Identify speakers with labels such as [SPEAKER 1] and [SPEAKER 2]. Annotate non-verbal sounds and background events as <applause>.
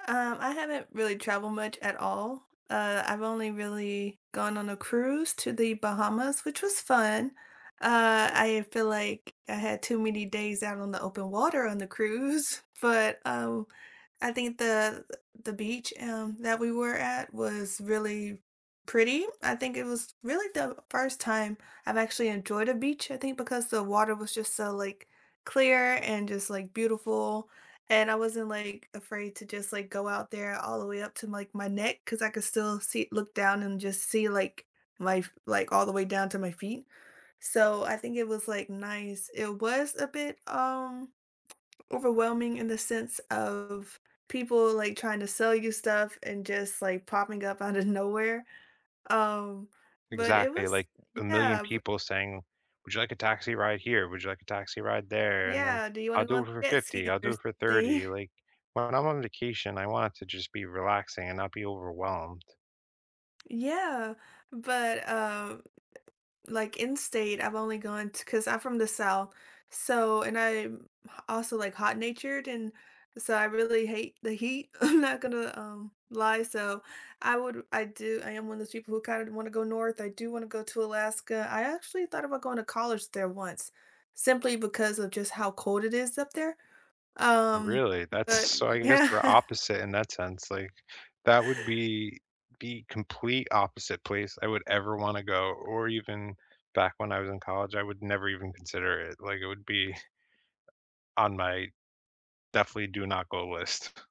[SPEAKER 1] Um, I haven't really traveled much at all. Uh, I've only really gone on a cruise to the Bahamas, which was fun. Uh, I feel, like, I had too many days out on the open water on the cruise, but, oh, I think the the beach, um, that we were at was really pretty, I think it was really the first time I've actually enjoyed a beach, I think, because the water was just so, like, clear and just, like, beautiful, and I wasn't, like, afraid to just, like, go out there all the way up to, like, my neck 'cause I could still see look down and just see, like, life, like, all the way down to my feet. So I think it was, like, nice. It was a bit, um, overwhelming in the sense of people, like, trying to sell you stuff and just, like, popping up out of nowhere, um, but it
[SPEAKER 2] Exactly,
[SPEAKER 1] was
[SPEAKER 2] like, 1,000,000
[SPEAKER 1] yeah, b
[SPEAKER 2] people saying, "Would you like a taxi ride here? Would you like a taxi ride there?" and then,
[SPEAKER 1] Yeah, "Do you
[SPEAKER 2] "I'll
[SPEAKER 1] wanna go
[SPEAKER 2] do
[SPEAKER 1] on
[SPEAKER 2] it for
[SPEAKER 1] the jet
[SPEAKER 2] 50,
[SPEAKER 1] ski
[SPEAKER 2] I'll
[SPEAKER 1] or
[SPEAKER 2] do it for
[SPEAKER 1] something?"
[SPEAKER 2] 30," like, when I'm on vacation, I want it to just be relaxing and not be overwhelmed.
[SPEAKER 1] Yeah, but, uh, like in state I've only gone t 'cause I'm from the South so and I'm h also, like, hot-natured, and so I really hate the heat. I'm not gonna, um, lie so, I would I do I am one of those people who kinda wanna go north, I do wanna go to Alaska. I actually thought about going to college there once simply because of just how cold it is up there, um,
[SPEAKER 2] Really, that's
[SPEAKER 1] but
[SPEAKER 2] so I guess we're
[SPEAKER 1] Yeah.
[SPEAKER 2] opposite in that sense, like, that would be the complete opposite place I would ever wanna go, or even back when I was in college, I would never even consider it, like, it would be on my definitely do not go list. <scoffs>